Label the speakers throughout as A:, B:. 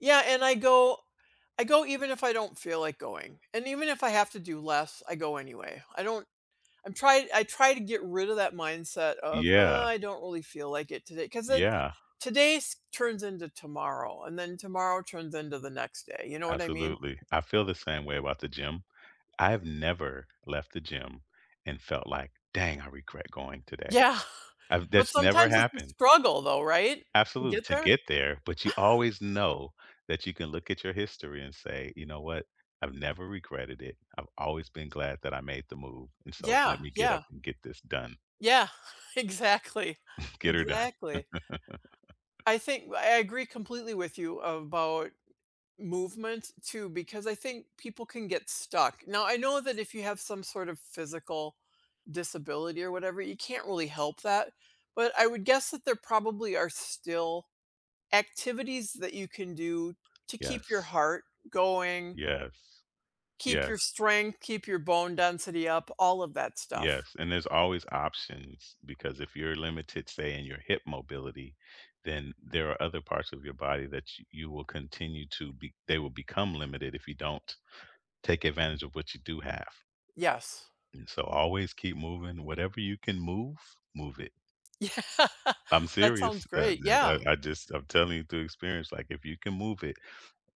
A: Yeah, and I go I go even if I don't feel like going, and even if I have to do less, I go anyway, I don't I'm try I try to get rid of that mindset of, "uh,
B: Yeah.
A: I don't really feel like it today" 'cause then
B: Yeah.
A: today's turns into tomorrow, and then tomorrow turns into the next day, you know what I mean?
B: Absolutely. I feel the same way about the gym. I have never left the gym and felt like, "Dang, I regret going today."
A: Yeah.
B: I've
A: But
B: That's never
A: sometimes it's a
B: happened.
A: struggle, though, right, to
B: Absolute
A: get
B: to
A: there?
B: get there, but you always know that you can look at your history and say, "You know what, I've never regretted it, I've always been glad that I made the move, and so let
A: Yeah,
B: me get up
A: yeah.
B: and get this done."
A: Yeah. Exactly,
B: Get her done.
A: exactly. I think w I agree completely with you about movement too, because I think people can get stuck, now, I know that if you have some sort of physical disability or whatever, you can't really help that, but I would guess that there probably are still activities that you can do to keep your
B: Yes.
A: heart going
B: Yes.
A: keep your
B: Yes.
A: strength, keep your bone density up, all of that stuff.
B: Yes, and there's always options, because if you're limited, say in your hip mobility, then there are other parts of your body that ch you will continue to be they will become limited if you don't take advantage of what you do have.
A: Yes.
B: And so always keep moving, whatever you can move, move it.
A: Yeah.
B: I'm
A: That sounds
B: serious, uh,
A: great,
B: d uh,
A: yeah.
B: I just I'm telling you through experience, like, if you can move it,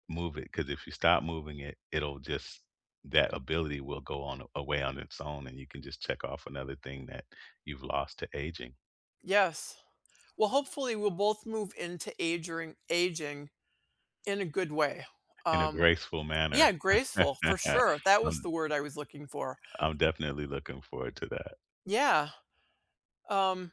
B: move it, 'cause if you stop moving it, it'll just that ability will go on a away on its own, and you can just check off another thing that you've lost to aging.
A: Yes. Well, hopefully, we'll both move into age ring aging in a good way,
B: In a
A: um
B: graceful
A: Yeah,
B: manner.
A: graceful for sure. That was the
B: I'm
A: word I was looking for.
B: I'm definitely looking forward to that.
A: Yeah. Um